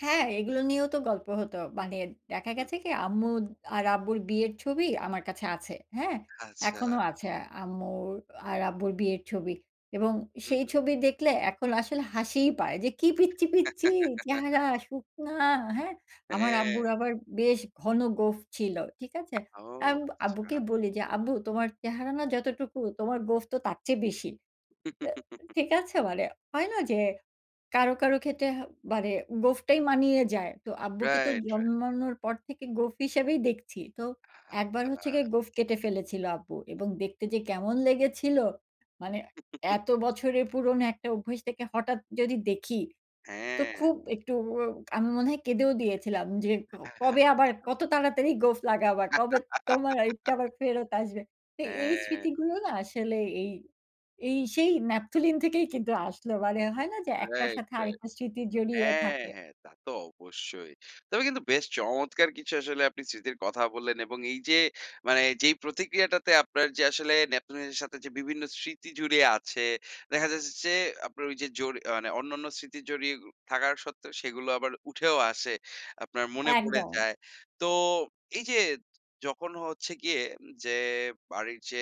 হ্যাঁ, এগুলো নিয়েও তো গল্প হত। মানে দেখা হুম। গেছে কি, আম্মু আর আব্বুর বিয়ের ছবি আমার কাছে আছে। হ্যাঁ, এখনো আচ্ছা। আছে আম্মুর আর আব্বুর বিয়ের ছবি এবং হুম, সেই হুম। ছবি দেখলে এখন আসলে হাসি পায় যে, কি পচ্ছি, পচ্ছি চেহারা শুকনা হ্যাঁ, আমার আব্বুর হ্যাঁ। আবার বেশ ঘন গোঁফ ছিল। ঠিক আছে? ও আমি আব্বুকে আচ্ছা। বলি যে, আব্বু তোমার চেহারা না যতটুকু তোমার গোঁফ তো তার চেয়ে বেশি। তো ঠিক আছে? মানে হয় না যে, কারো, কারো ক্ষেত্রে বাড়ে গোঁফটাই মানিয়ে যায়। তো আব্বুকে তো রাইট, রাইট। জন্মানোর পর থেকে গোঁফ হিসেবেই দেখছি। তো একবার হচ্ছে আচ্ছা। গিয়ে গোঁফ কেটে ফেলেছিল আব্বু এবং দেখতে যে, কেমন লেগেছিল মানে এত বছরের পুরনো একটা অভ্যাস থেকে হঠাৎ যদি দেখি তো হ্যাঁ। খুব একটু আমি মনে হয় কেঁদেও দিয়েছিলাম যে, কবে আবার কত তাড়াতাড়ি গোঁফ লাগাবা, কবে তোমারটা আবার ফেরত আসবে। তো এই হ্যাঁ। স্মৃতিগুলো না আসলে এই, এই সেই ন্যাপথলিন থেকেই কিন্তু আসল মানে হয় না যে, একটার রাইট, সাথে রাইট, আরেকটা স্মৃতি জড়িয়ে হ্যাঁ, থাকে। হ্যাঁ, তা তো অবশ্যই তবে কিন্তু বেশ চমৎকার কিছু আসলে আপনি স্মৃতির কথা বললেন এবং এই যে, মানে যেই প্রতিক্রিয়াটাতে আপনার যে, আসলে ন্যাপথলিনের সাথে যে, বিভিন্ন স্মৃতি জুড়ে আছে দেখা যাচ্ছে যে, আপনার ওই যে, জরি আ মানে অন্যান্য স্মৃতি জড়িয়ে থাকা সত্ত্বেও সেগুলো আবার উঠেও আসে, আপনার মনে পড়ে একদম। যায়। তো এই যে, যখন হচ্ছে গিয়ে যে, বাড়ির যে,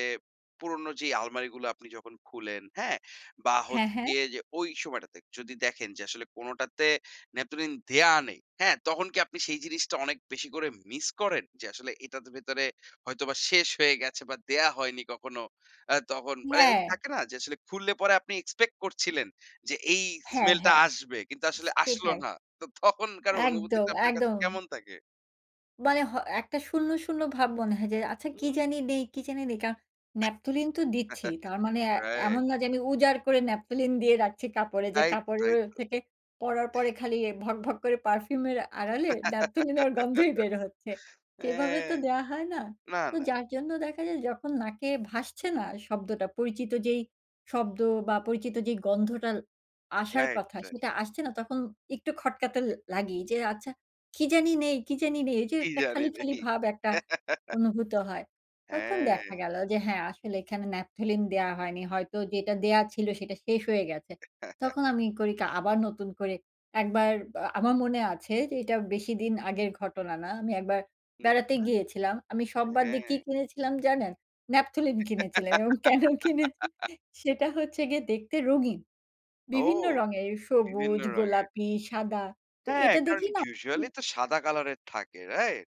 পুরোনো যে, আলমারিগুলো আপনি যখন খুলেন হ্যাঁ? বা হ্যাঁ, হচ্ছে হ্যাঁ। গিয়ে যে, ওই সময়টাতে যদি দেখেন যে, আসলে কোনটাতে ন্যাপথলিন দেয়া নেই, হ্যাঁ? তখন কি আপনি সেই জিনিসটা অনেক বেশি করে miss করেন যে, আসলে এটার ভেতরে হয়তো বা শেষ হয়ে গেছে বা দেয়া হয়নি কখনো। আ তখন মানে হ্যাঁ। থাকে না যে, আসলে খুললে পরে আপনি expect করছিলেন যে, এই হ্যাঁ, smell টা হ্যাঁ, আসবে কিন্তু আসলে সে আসল সেটাই। না। তো তখনকার একদম, অনুভূতিটা আপনার কাছে একদম। কেমন থাকে? মানে হয় একটা শূন্য, শূন্য ভাব মনে হয় যে, আচ্ছা কি হুম। জানি বি কি জানি নেই কারণ ন্যাপথলিন তো দিচ্ছি। তার মানে আ রাইট। এমন না যে, আমি উজাড় করে ন্যাপথলিন দিয়ে রাখছি কাপড়ে যে, তাই তো, তাই কাপড়ের তো। থেকে পরার পরে খালি ভক, ভক করে perfume এর আড়ালে ন্যাপথলিনের গন্ধই বের হচ্ছে, সেভাবে হ্যাঁ, তো দেয়া হয় না। না, তো না। যার জন্য দেখা যায় যখন নাকে ভাসছে না শব্দটা পরিচিত যেই শব্দ বা পরিচিত যে, গন্ধটা আসার রাইট, কথা রাইট। সেটা আসছে না তখন একটু খটকা তো লাগেই যে, আচ্ছা কি জানি নেই, কি জানি নেই। এই যে, কি একটা জানি খালি, খালি নেই। ভাব একটা অনুভূত হয়। তখন দেখা হ্যাঁ। গেল যে, হ্যাঁ, আসলে এখানে ন্যাপথলিন দেয়া হয়নি হয়তো যেটা দেয়া ছিল সেটা শেষ হয়ে গেছে। তখন আমি করি কি আবার নতুন করে, একবার আমার মনে আছে যে, এটা বেশিদিন আগের ঘটনা, না আমি একবার হুম, বেড়াতে হুম, গিয়েছিলাম, আমি সব বাদ দিয়ে কি হ্যাঁ। কিনেছিলাম জানেন? ন্যাপথলিন কিনেছিলেন এবং কেন কিনেছি সেটা হচ্ছে গিয়ে দেখতে রঙিন। ও বিভিন্ন রঙের বিভিন্ন সবুজ, রঙের। গোলাপি, সাদা তো হ্যাঁ, এটা কারণ দেখি না usually হুম। তো সাদা কালারের থাকে, রাইট?